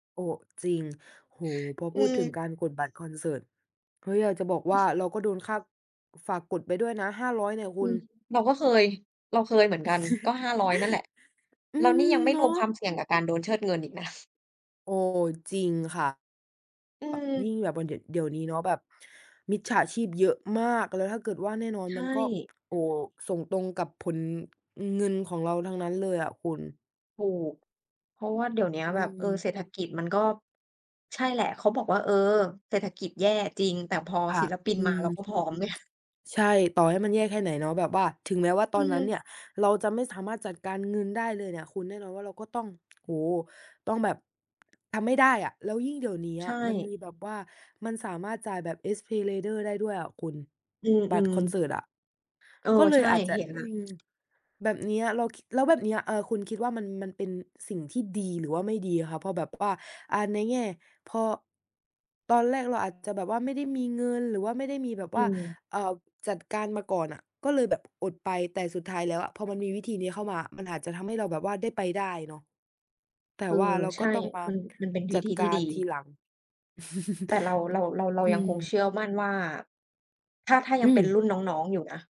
โอ้! จริง โอ้โฮ พออพืูดถึงม การกดบัตรคอนเสิร์ต เฮ้ย อยากจะบอกว่าเราก็โดนค่า ก ฝากกดไปด้วยนะ 500 เนี่ยคอืุณ ม เราก็เคย เราเคยเหมือนกัน ก็ 500 นั่นแหละ อืแล้วนี่ยม ังไม่เนราวมควาะ มเสี่ยงกับการโดนเชิดเงินอีก นะ โอ้! จริงค่ะ อืแบบ ยิ่ม งแบบว่าเดี่ยว เดี๋ยวนี้เนาะแบบมิจฉาชีพเยอะมาก แล้วถ้าเกิด ว่าแน่นอน ใชมันก็ ่ โอ้! ส่งตรงกับผล เงินของเราทั้งนั้นเลยอะคุณ ถูก เพราะว่าเดี๋ยวเนี้ยอืแบบ เออ ม เศรษฐกิจมันก็ ใช่แหละ เขาบอกว่า เออ เศรษฐกิจแย่จริง แต่พอค่ศิะ ลปินอืมาม เราก็พร้อม ไง ใช่ ต่อให้มันแย่แค่ไหนเนาะ แบบว่า ถึงแม้ว่าตออืนนั้นเนม ี่ยเราจะไม่สามารถจัดการเงินได้เลยเนี่ยคุณ แน่นอนว่าเราก็ต้อง โอ้โฮ! ต้องแบบ ทำไม่ได้อะ แล้วยิ่งเดี๋ยวเนี้ใยชมันม่ ีแบบว่ามันสามารถจ่ายแบบ SPayLater ได้ด้วยอะคุณ อือ บัตรคอนเสิร์ตอะ ๆ เออ ก็เลใชย่ อาจจะ เห็นแอลื้ว ม แบบเนี้ย แล้วคิด แล้วแบบเนี้ย อา คุณคิดว่ามัน มันเป็นสิ่งที่ดีหรือว่าไม่ดีอะคะ เพราะแบบว่า อา ในแง่ พอ ตอนแรกเราอาจจะแบบว่าไม่ได้มีเงิน หรือว่าไม่ได้มีแบบอืว่า ม เอ่อ จัดการมาก่อนอะ ก็เลยแบบอดไป แต่สุดท้ายแล้วอะพอมันมีวิธีนี้เข้ามามันอาจจะทำให้เราแบบว่าได้ไปได้เนาะ แตเ่ออ ว่าเราใชก็่ ต้องมา มัน มันเป็นวจิัธดีทกีา่ดี รทีหลัง แต่เรา เรา เรา เราอืยังคงเชม ื่อมั่นว่า ถ้า ถ้ายอัืงเป็นม รุ่นน้อง ๆ อยู่นะ